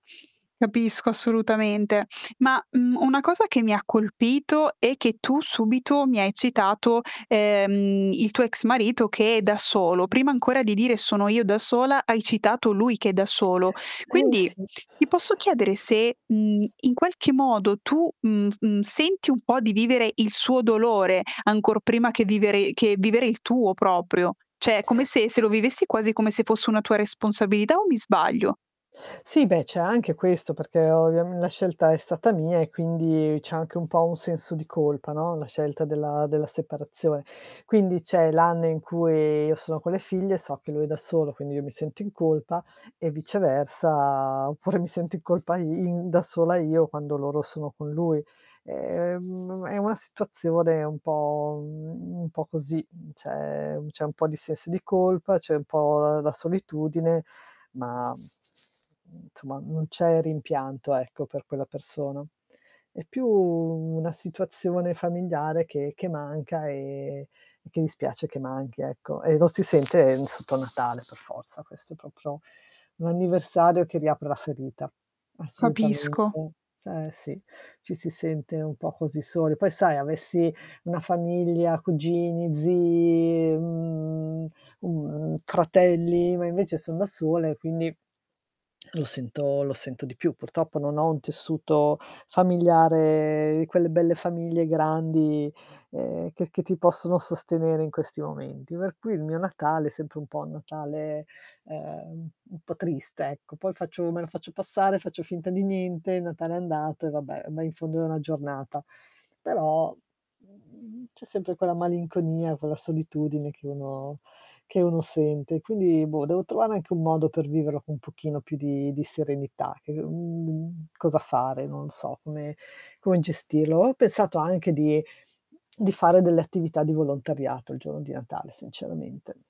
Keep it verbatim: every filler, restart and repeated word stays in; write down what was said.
Capisco, assolutamente. Ma, mhmm, una cosa che mi ha colpito è che tu subito mi hai citato, ehm, il tuo ex marito che è da solo. Prima ancora di dire: "Sono io da sola." Hai citato lui che è da solo. [unintelligible] Eh, Quindi sì. ti posso chiedere se, mhmm, in qualche modo tu, mhmm, mhmm, senti un po' di vivere il suo dolore, ancor prima che vivere che vivere il tuo proprio. ceh è come se se lo vivessi quasi come se fosse una tua responsabilità, o mi sbaglio? Sì beh, c'è anche questo, perché ovviam la scelta è stata mia, e quindi c'è anche un po' un senso di colpa no, la scelta della della separazione. Quindi c'è l'anno in cui io sono con le figlie, so che lui è da solo quindi io mi sento in colpa, e viceversa oppure mi sento in colpa i in da sola io quando loro sono con lui. E, mhmm, è una situazione un po' mhmm, un po' così, mhmm, c'è c'è un po' di sensi di colpa, c'è un po', uhm, la solitudine, ma, mhmm, nsomma non c'è rimpianto, ecco per quella persona. È più una situazione familiare che che manca e e che dispiace che manchi ecco, e lo si sente sotto Natale per forza, questo è propro un anniversario che riapre la ferita. Capisco. Assolutamente Eh sì, ci si sente un po' così soli. Poi, sai, avessi una famiglia, cugini, zii, mhmm, mhmm, fratelli, ma invece son da sola, e quindi lo sento lo sento di più. Purtroppo non ho un tessuto familiare quelle belle famiglie grandi, ehm, che che ti possono sostenere in questi momenti. Per cui il mio Natale, è sempre un po' un Natale, ehm, u un po' triste, ecco. Poi faccio me lo faccio passare, faccio finta di niente, il Natale è andato e vabbè, ma in fondo è una giornata. Però, mhmm, c'è sempre quella malinconia, quella solitudine che uno che uno sente. Quindi boh, devo trovare anche un modo per viverlo con un pochino più di di serenità che mhmm, cosa fare, non lo so come come gestirlo. Ho pensato anche di di fare delle attività di volontariato il giorno di Natale sinceramente.